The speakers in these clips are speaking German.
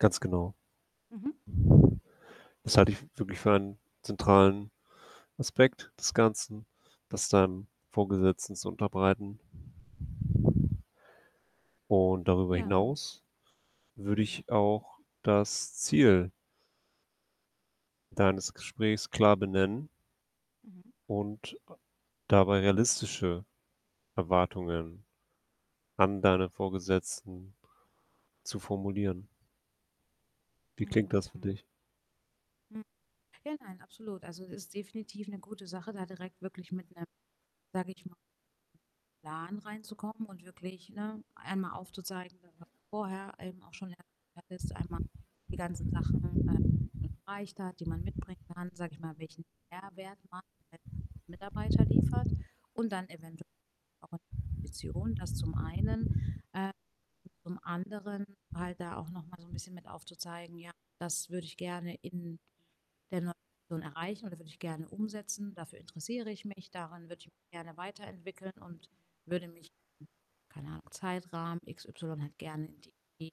Ganz genau. Mhm. Das halte ich wirklich für einen zentralen Aspekt des Ganzen, das deinem Vorgesetzten zu unterbreiten. Und darüber Ja. hinaus würde Mhm. ich auch das Ziel deines Gesprächs klar benennen Mhm. und a dabei realistische Erwartungen an deinen Vorgesetzten zu formulieren. Wie klingt Mhm, das für mhm. dich? Hm. Ja, nein, absolut. Also es ist definitiv 'ne gute Sache, da direkt wirklich mit 'nem sage ich mal Plan reinzukommen und wirklich, ne, einmal aufzuzeigen, was vorher eben auch schon erwähnt hattest. Einmal die ganzen Sachen, äh, die man erreicht hat, die man mitbringen kann, sage ich mal, welchen Mehrwert man als Mitarbeiter liefert und dann eventuell auch eine Position, das zum einen. Ähm, zum anderen halt da auch noch mal so 'n bisschen mit aufzuzeigen: „Ja, das würde ich gerne in der neuen Position erreichen und das würde ich gerne umsetzen. Dafür interessiere ich mich, daran würde ich mich gerne weiterentwickeln und würde mich, keine Ahnung, Zeitrahmen, x y halt gerne in die,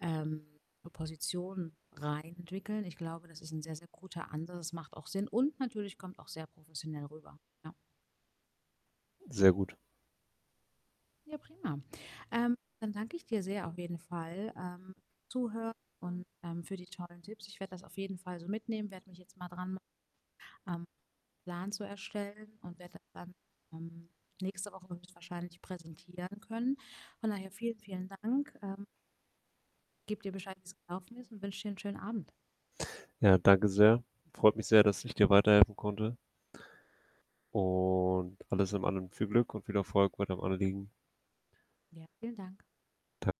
ähm, Position rein entwickeln.“ Ich glaube, das ist 'n sehr, sehr guter Ansatz, das macht auch Sinn und natürlich kommt auch sehr professionell rüber, ja. Sehr gut. Ja, prima. Ähm, dann danke ich dir sehr auf jeden Fall, ähm, Zuhören und, ähm, für die tollen Tipps. Ich werde das auf jeden Fall so mitnehmen, werde mich jetzt mal dran machen, ähm, Plan zu erstellen und werde das dann, ähm, nächste Woche höchstwahrscheinlich präsentieren können. Von daher vielen, vielen Dank, ähm gebe dir Bescheid, wie es gelaufen ist und wünsche dir 'n schönen Abend. Ja, danke sehr. Freut mich sehr, dass ich dir weiterhelfen konnte. Und alles in allem viel Glück und viel Erfolg bei deinem Anliegen. Ja, vielen Dank. Da